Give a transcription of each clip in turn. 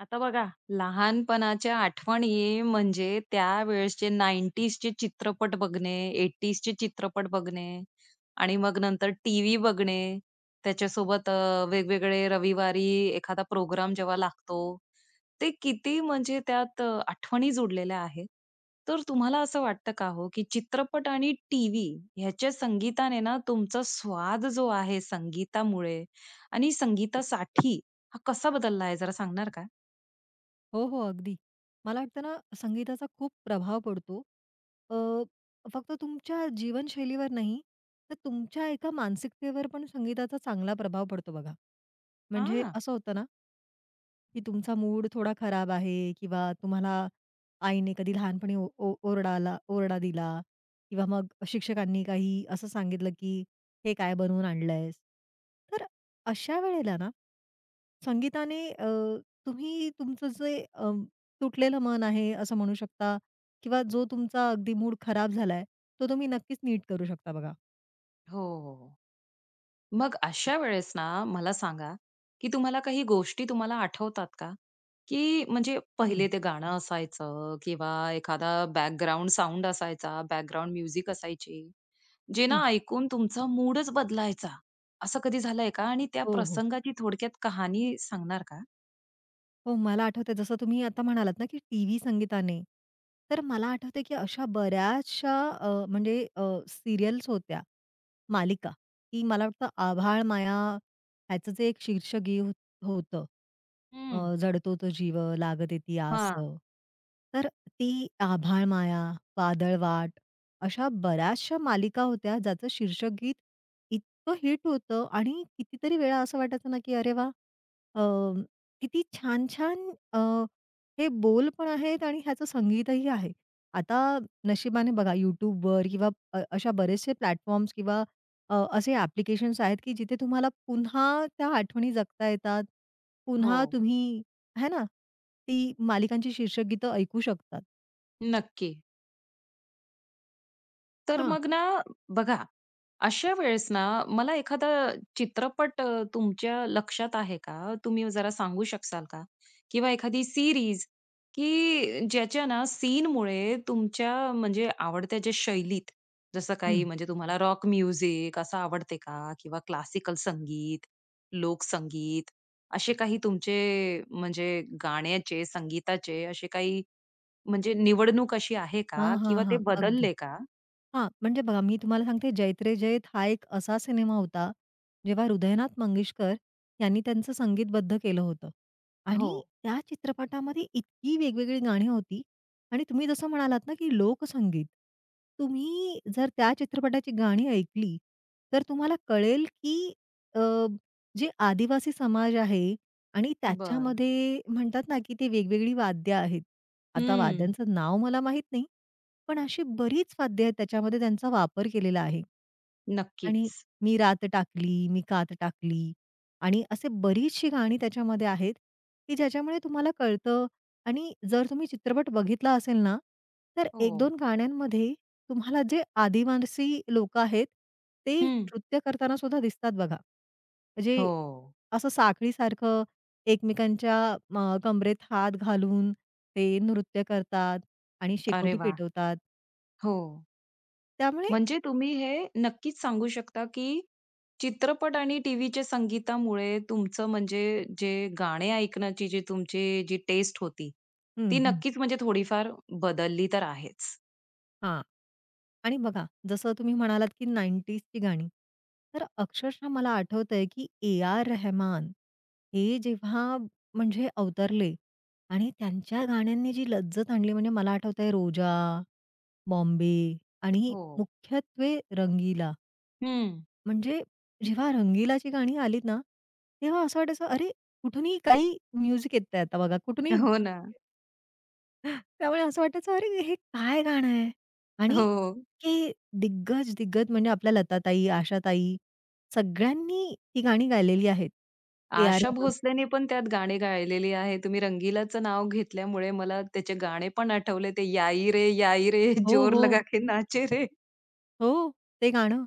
आता बघा लहानपणाच्या आठवणी म्हणजे त्यावेळेसचे 90ज चे चित्रपट बघणे. 80ज चे चित्रपट बघणे आणि मग नंतर टीव्ही बघणे. त्याच्यासोबत अ, वेगवेगळे रविवारी एखादा प्रोग्राम जेव्हा लागतो. ते किती म्हणजे त्यात अ, आठवणी जोडलेल्या आहेत. तर तुम्हाला असं वाटतं का हो, की चित्रपट आणि टीव्ही ह्याच्या संगीताने ना, तुमचा स्वाद जो आहे संगीतामुळे आणि संगीतासाठी हा कसा बदलला आहे. जरा सांगणार का? हो, हो. अगदी. मला वाटतं ना, संगीताचा खूप प्रभाव पडतो. अ, फक्त तुमच्या जीवनशैलीवर नाही, तर तुमच्या एका मानसिकतेवर पण संगीताचा चांगला प्रभाव पडतो बघा. म्हणजे हां. असं होतं ना की तुमचा मूड थोडा खराब आहे किंवा तुम्हाला आईने कधी लहानपणी ओ ओ ओरडाला ओरडा दिला किंवा मग शिक्षकांनी काही असं सांगितलं की "हे काय बनवून आणलयस?" तर अशा वेळेला ना संगीताने अ, तुम्ही तुमचं जे अ, तुटलेलं मन आहे असं म्हणू शकता किंवा जो तुमचा अगदी मूड खराब झाला आहे, तो तुम्ही नक्कीच नीट करू शकता बघा. हो, हो, हो. मग अशा वेळेस ना, मला सांगा की तुम्हाला काही गोष्टी तुम्हाला आठवतात का? की म्हणजे हं. पहिले ते गाणं असायचं किंवा एखादा बॅकग्राउंड साउंड असायचा, बॅकग्राऊंड म्युझिक असायची जे हं. ना, ऐकून तुमचा मूडच बदलायचा असं कधी झालंय का? आणि त्या हो, हो. प्रसंगाची थोडक्यात कहाणी सांगणार का? हो, मला आठवतंय जसं तुम्ही आता म्हणालात ना, की टीव्ही संगीताने तर मला आठवतंय कि अशा बऱ्याचशा अ, म्हणजे अ, सीरियल्स होत्या. मालिका की मला वाटतं "आभाळमाया" याचं जे एक शीर्ष गे हो होतं. हं. अ, जडतो तो जीव लागत ती आस. हां. तर ती "आभाळमाया," "वादळवाट" अशा बऱ्याचशा मालिका होत्या, ज्याचं शीर्षक गीत इतकं हिट होतं आणि कितीतरी वेळा असं वाटायचं ना, की "अरे वाह! अ, किती छान-छान अ, हे बोल पण आहेत आणि ह्याचं संगीतही आहे." आता नशिबाने बघा YouTube वर किंवा अ, अशा बरेचसे प्लॅटफॉर्म्स किंवा अ, असे ॲप्लिकेशन्स आहेत की जिथे तुम्हाला पुन्हा त्या आठवणी जगता येतात. पुन्हा हो. तुम्ही है ना, ती मालिकांची शीर्षक गीत ऐकू शकतात. नक्की. तर हां. मग ना बघा. अशा वेळेस ना, मला एखादा चित्रपट अ, तुमच्या लक्षात आहे का? तुम्ही जरा सांगू शकाल का? किंवा एखादी सीरीज की ज्याच्या ना सीनमुळे तुमच्या म्हणजे आवडत्या ज्या शैलीत. जसं हं. काही म्हणजे तुम्हाला रॉक म्युझिक असं आवडते का? किंवा क्लासिकल संगीत, लोक संगीत. असे काही तुमचे म्हणजे गाण्याचे, संगीताचे असे काही. म्हणजे निवड अशी आहे हां, का? हां, किंवा ते हां. अगदी. बदलले का? हां. म्हणजे बघा मी तुम्हाला सांगते 'जैत रे जैत' हा एक असा सिनेमा होता. जेव्हा हृदयनाथ मंगेशकर यांनी त्यांचं संगीतबद्ध केलं होतं. आणि हो. त्या चित्रपटामध्ये इतकी वेगवेगळी गाणी होती. आणि तुम्ही जसं म्हणालात ना की लोकसंगीत. तुम्ही जर त्या चित्रपटाची गाणी ऐकली, तर तुम्हाला कळेल की अ, जे आदिवासी समाज आहे. आणि बरं. त्याच्यामध्ये म्हणतात ना की ते वेगवेगळी वाद्य आहेत. आता हं. वाद्यांचं नाव मला माहित नाही. पण अशी बरीच वाद्य आहेत त्याच्यामध्ये, त्यांचा वापर केलेला आहे. आणि नक्कीच. मी रात टाकली, मी कात टाकली. आणि असे बरीचशी गाणी त्याच्यामध्ये आहेत. की ज्याच्यामुळे तुम्हाला कळतं आणि जर तुम्ही चित्रपट बघितला असेल ना. तर एक हो. दोन गाण्यांमध्ये तुम्हाला जे आदिवासी लोक आहेत ते हं. नृत्य करताना सुद्धा दिसतात बघा. म्हणजे हो. असं साखळीसारखं, एकमेकांच्या म कंबरेत हात घालून ते नृत्य करतात आणि अरे, शेकोटी वाह! पेटवतात. हो. त्यामुळे म्हणजे तुम्ही हे नक्कीच सांगू शकता की चित्रपट आणि टीव्हीच्या संगीतामुळे तुमचं म्हणजे जे गाणे ऐकण्याची जी तुमची जी टेस्ट होती, हं, ती हं. नक्कीच म्हणजे थोडीफार बदलली तर आहेच. हां. आणि बघा जसं तुम्ही म्हणालात की 90s ची गाणी. तर अक्षरशः मला आठवतं आहे, की ए. आर. रेहमान हे जेव्हा म्हणजे अवतरले आणि त्यांच्या गाण्यांनी जी लज्जत आणली. म्हणजे मला आठवतं आहे रोजा, बॉम्बे आणि हो. मुख्यत्वे रंगीला. हं. म्हणजे जेव्हा रंगीलाची गाणी आलीत ना, तेव्हा असं वाटायचं अरे, कुठूनही काही म्युझिक येतं आहे. आता बघा कुठूनही हो ना. त्यामुळे असं वाटायचं अरे, हे काय गाणं आहे. आणि हो. हे दिग्गज-दिग्गज म्हणजे आपल्या लता ताई, आशा ताई सगळ्यांनी ती गाणी गायलेली आहेत. ए. आर. आशा रेहमान भोसलेने पण त्यात गाणी गायलेली आहे. तुम्ही रंगीलाचं नाव घेतल्यामुळे मला त्याचे गाणे पण आठवले. ते याईरे, याईरे हो, जोर हो. लगा के नाचेरे. हो ते गाणं.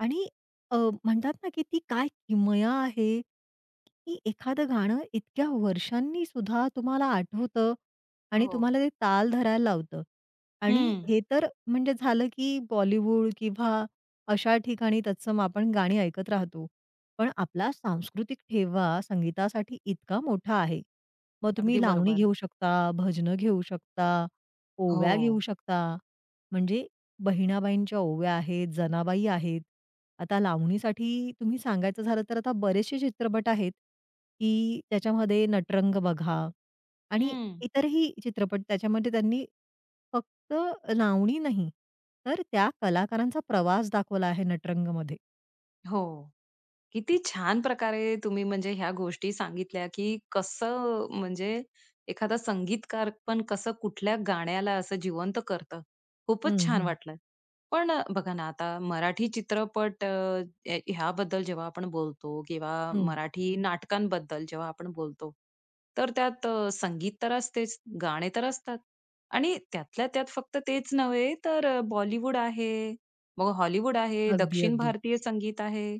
आणि अ, म्हणतात ना, की ती काय किमया आहे की एखादं गाणं इतक्या वर्षांनीसुद्धा तुम्हाला आठवतं आणि हो. तुम्हाला ते ताल धरायला लावतं. आणि हं. हे तर म्हणजे झालं की बॉलिवूड किंवा अशा ठिकाणी तत्सम आपण गाणी ऐकत राहतो. पण आपला सांस्कृतिक ठेवा संगीतासाठी इतका मोठा आहे. मग तुम्ही अगदी लावणी बरोबर. घेऊ शकता, भजनं घेऊ शकता, ओव्या घेऊ हो. शकता. म्हणजे बहिणाबाईंच्या ओव्या आहेत, जनाबाई आहेत. आता लावणीसाठी तुम्ही सांगायचं झालं तर आता बरेचशे चित्रपट आहेत की त्याच्यामध्ये नटरंग बघा. आणि हं. इतरही चित्रपट त्याच्यामध्ये त्यांनी फक्त लावणी नाही तर त्या कलाकारांचा प्रवास दाखवला आहे नटरंगमध्ये. हो. किती छान प्रकारे तुम्ही म्हणजे ह्या गोष्टी सांगितल्या की कसं म्हणजे एखादा संगीतकार पण कसं कुठल्या गाण्याला असं जिवंत करतं. हं, खूपच छान हं. वाटलंय. पण अ, बघा ना आता मराठी चित्रपट अ, ह ह्याबद्दल जेव्हा आपण बोलतो किंवा हं. मराठी नाटकांबद्दल जेव्हा आपण बोलतो, तर त्यात संगीत तर असतेच. गाणे तर असतात. आणि त्यातल्या त्यात फक्त तेच नव्हे तर बॉलिवूड आहे, मग हॉलिवूड आहे, अगदी, दक्षिण अगदी. भारतीय संगीत आहे.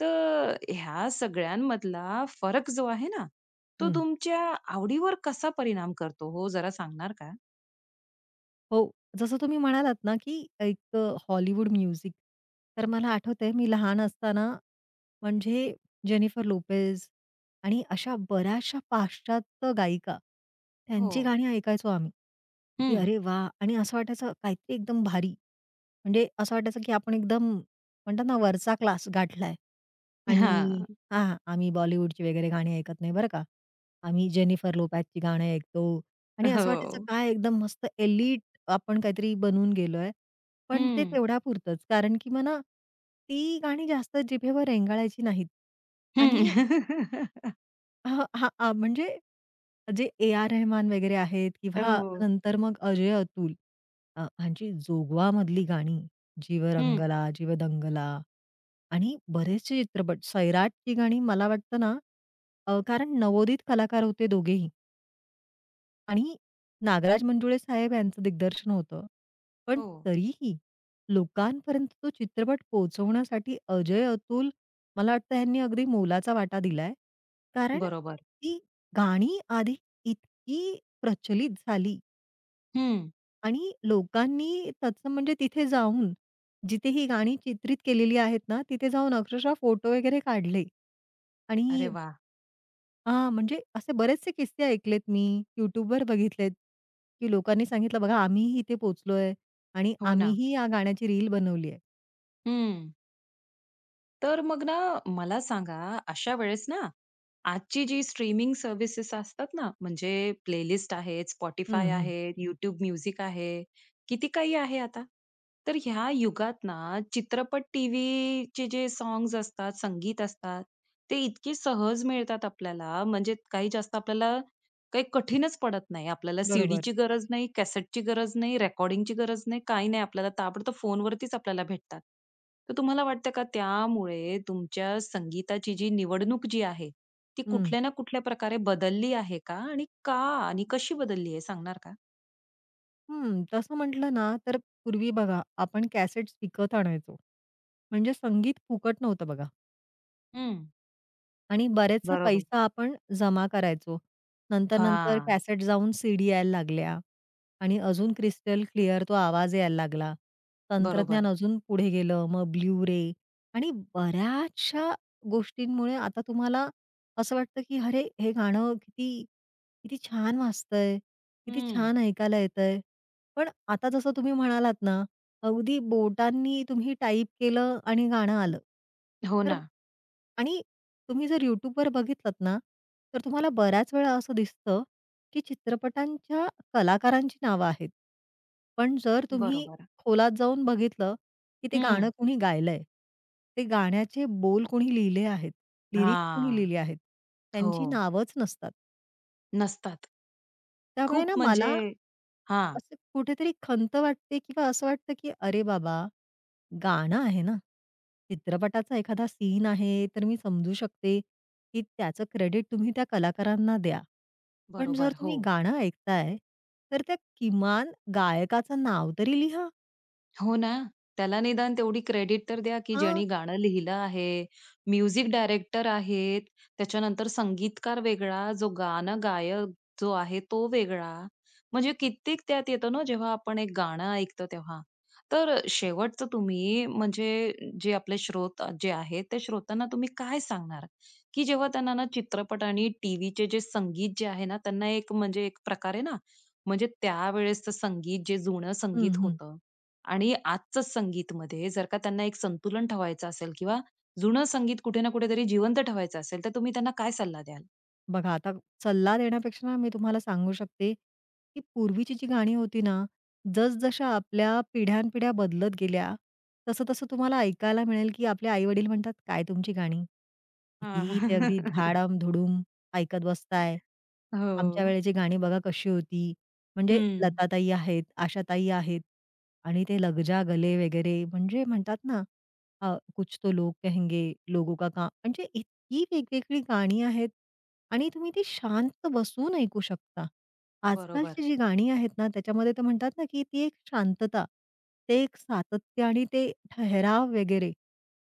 तर ह्या सगळ्यांमधला फरक जो आहे ना तो हं. तुमच्या आवडीवर कसा परिणाम करतो हो जरा सांगणार का? हो. जसं तुम्ही म्हणालात ना की एक अ, हॉलिवूड म्युझिक. तर मला आठवतंय मी लहान असताना म्हणजे जेनिफर लोपेज आणि अशा बऱ्याचशा पाश्चात्य गायिका, त्यांची हो. गाणी ऐकायचो आम्ही. की हं. अरे, वाह! आणि असं वाटायचं काहीतरी एकदम भारी. म्हणजे असं वाटायचं की आपण एकदम म्हणतात ना वरचा क्लास गाठला आहे आणि हां. हां, आम्ही बॉलिवूडची वगैरे गाणी ऐकत नाही बरं का, आम्ही जेनिफर लोपेजची गाणे ऐकतो. आणि असं वाटायचं हो. काय एकदम मस्त एलीट आपण काहीतरी बनवून गेलो आहे. पण ते हं. तेवढ्यापुरतंच कारण की मला ती गाणी जास्त जिभेवर रेंगाळायची नाहीत. हं. आणि अ, हां, आ, म्हणजे जे ए. आर. रेहमान वगैरे आहेत अ, किंवा हो. नंतर मग अजय-अतुल अ, ह्यांची जोगवामधली गाणी जीव हं. रंगला, जीव दंगला आणि बरेचशे चित्रपट. सैराटची गाणी मला वाटतं ना अ, कारण नवोदित कलाकार होते दोघेही. आणि नागराज मंजुळे साहेब यांचं दिग्दर्शन होतं. पण हो. तरीही लोकांपर्यंत तो चित्रपट पोहोचवण्यासाठी अजय-अतुल मला वाटतं ह्यांनी अगदी मोलाचा वाटा दिलाय. कारण बरोबर. ती गाणी आधी इतकी प्रचलित झाली. हं. आणि लोकांनी तत्सम म्हणजे तिथे जाऊन जिथे ही गाणी चित्रित केलेली आहेत ना, तिथे जाऊन अक्षरशः फोटो वगैरे काढले. आणि अरे वाह! हां. म्हणजे असे बरेचसे किस्से ऐकलेत मी. YouTubeवर बघितलेत की लोकांनी सांगितलं, "बघा आम्हीही इथे पोहोचलोय आणि हो ना. आम्हीही या गाण्याची रील बनवली आहे." हं. तर मग ना, मला सांगा अशा वेळेस ना आजची जी स्ट्रीमिंग सर्व्हिसेस असतात ना म्हणजे प्लेलिस्ट आहेत, Spotify हं, हं. आहे, YouTube Music आहे. किती काही आहे आता. तर ह्या युगात ना चित्रपट टीव्हीचे जे सॉंग्स असतात, संगीत असतात ते इतकी सहज मिळतात आपल्याला. म्हणजे काही जास्त आपल्याला काही कठीणच पडत नाही. आपल्याला बरोबर. सीडीची गरज नाही, कॅसेटची गरज नाही, रेकॉर्डिंगची गरज नाही, काही नाही. आपल्याला ताबडतोब फोनवरतीच आपल्याला भेटतात. तर तुम्हाला वाटतं का त्यामुळे तुमच्या संगीताची जी निवडणूक जी आहे ती हं. कुठल्या ना कुठल्या प्रकारे बदलली आहे का? आणि का आणि कशी बदलली आहे सांगणार का? हं. तसं म्हटलं ना तर पूर्वी बघा आपण कॅसेट्स विकत आणायचो. म्हणजे संगीत फुकट नव्हतं बघा. हं. आणि बरेचसा बरोबर. पैसा आपण जमा करायचो. नंतर, नंतर हां. कॅसेट जाऊन सीडी यायला लागल्या आणि अजून क्रिस्टल क्लिअर तो आवाज यायला लागला. तंत्रज्ञान बरोबर. अजून पुढे गेलं. मग ब्लू रे आणि बऱ्याचशा गोष्टींमुळे आता तुम्हाला असं वाटतं की अरे हे गाणं किती, किती छान वाजतंय किती हं. छान ऐकायला येतंय. पण आता जसं तुम्ही म्हणालात ना अगदी बोटांनी तुम्ही टाईप केलं आणि गाणं आलं हो तर ना. आणि तुम्ही जर YouTubeवर बघितलात ना तर तुम्हाला बऱ्याच वेळा असं दिसतं की चित्रपटांच्या कलाकारांची नावं आहेत. पण जर तुम्ही बरोबर. खोलात जाऊन बघितलं कि ते गाणं हं. कोणी गायलंय? ते गाण्याचे बोल कुणी लिहिले आहेत? लिरिक्स कोणी हां, लिहिले आहेत? त्यांची हो. नावच नसतात. नसतात. त्यामुळे ना खूप म्हणजे मला हां. असं कुठेतरी खंत वाटते किंवा असं वाटतं की अरे बाबा गाणं आहे ना. चित्रपटाचा एखादा सीन आहे तर मी समजू शकते की त्याचं क्रेडिट तुम्ही त्या कलाकारांना द्या. पण जर बरोबर. तुम्ही हो. गाणं ऐकताय तर त्या किमान गायकाचं नाव तरी लिहा. हो ना. त्याला निदान तेवढी क्रेडिट तर द्या की हां. ज्यानी गाणं लिहिलं आहे. म्युझिक डायरेक्टर आहेत. त्याच्यानंतर संगीतकार वेगळा जो गाणं गायक जो आहे तो वेगळा म्हणजे कित्येक त्यात येतं ना जेव्हा आपण एक गाणं ऐकतो तेव्हा. तर अ, शेवटचं तुम्ही म्हणजे जे आपले श्रोते जे आहेत ते श्रोत्यांना तुम्ही काय सांगणार? की जेव्हा त्यांना ना चित्रपट आणि टीव्हीचे जे संगीत जे आहे ना त्यांना एक म्हणजे एक प्रकारे ना म्हणजे त्यावेळेसचं संगीत जे जुनं हं, संगीत हं. होतं आणि आजचं संगीतमध्ये जर का त्यांना एक संतुलन ठेवायचं असेल किंवा जुनं संगीत कुठे ना कुठेतरी जिवंत ठेवायचं असेल तर तुम्ही त्यांना काय सल्ला द्याल? बघा आता सल्ला देण्यापेक्षा मी तुम्हाला सांगू शकते की पूर्वीची जी गाणी होती ना, जसजशा आपल्या पिढ्यानपिढ्या बदलत गेल्या तसं तसं तुम्हाला ऐकायला मिळेल की आपले आई-वडील म्हणतात, "काय तुमची गाणी? हां. किती ते अगदी धाडम-धुडम ऐकत बसताय. हो. आमच्यावेळेची गाणी बघा कशी होती?" म्हणजे हं. लताताई आहेत. आशाताई आहेत आणि ते लगजा गले वगैरे म्हणजे म्हणतात ना अ, कुछ तो लोग कहेंगे लोगों का काम म्हणजे इतकी वेगवेगळी गाणी आहेत आणि तुम्ही ती शांत बसून ऐकू शकता. बरोबर. आजकालची जी गाणी आहेत ना त्याच्यामध्ये ते म्हणतात ना की ती एक शांतता, ते एक सातत्य आणि ते ठहराव वगैरे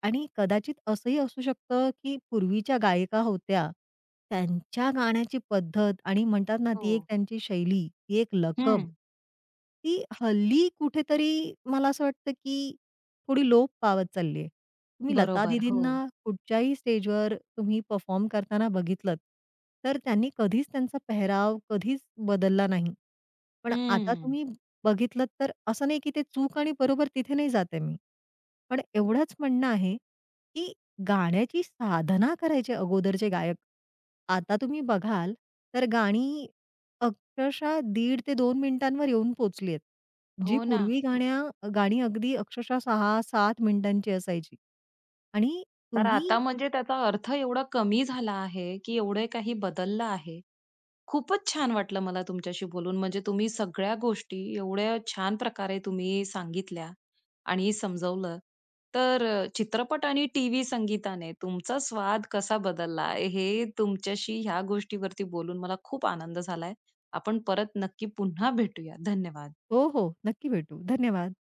आणि कदाचित असंही असू शकतं की पूर्वीच्या गायिका होत्या त्यांच्या गाण्याची पद्धत आणि म्हणतात ना ती एक हो. त्यांची शैली, एक लकब, हं. ती हल्ली कुठेतरी मला असं वाटतं की थोडी लोप पावत चालली आहे. तुम्ही लता बरोबर, दीदींना हो. कुठच्याही स्टेज वर तुम्ही परफॉर्म करताना बघितलत तर त्यांनी कधीच त्यांचा पेहराव कधीच बदलला नाही. पण आता हं. तुम्ही बघितलत तर असं नाही की ते चूक आणि बरोबर तिथे नाही जात आहे मी. पण एवढंच म्हणणं आहे की गाण्याची साधना करायचे अगोदरचे जे गायक. आता तुम्ही बघाल तर गाणी अक्षरशः दीड ते 2 मिनिटांवर येऊन पोहचली आहेत. जी हो ना. पूर्वी गाण्या गाणी अगदी अक्षरशः 6-7 मिनिटांची असायची. आणि तर तुम्ही आता म्हणजे त्याचा अर्थ एवढा कमी झाला आहे की एवढे काही बदललं आहे. खूपच छान वाटलं मला तुमच्याशी बोलून म्हणजे तुम्ही सगळ्या गोष्टी एवढ्या छान प्रकारे तुम्ही सांगितल्या आणि समजवलं तर अ, चित्रपट आणि टीव्ही संगीताने तुमचा स्वाद कसा बदलला आहे. हे तुमच्याशी ह्या गोष्टीवरती बोलून मला खूप आनंद झालाय. आपण परत नक्की पुन्हा भेटूया. धन्यवाद. हो, हो. नक्की भेटू. धन्यवाद.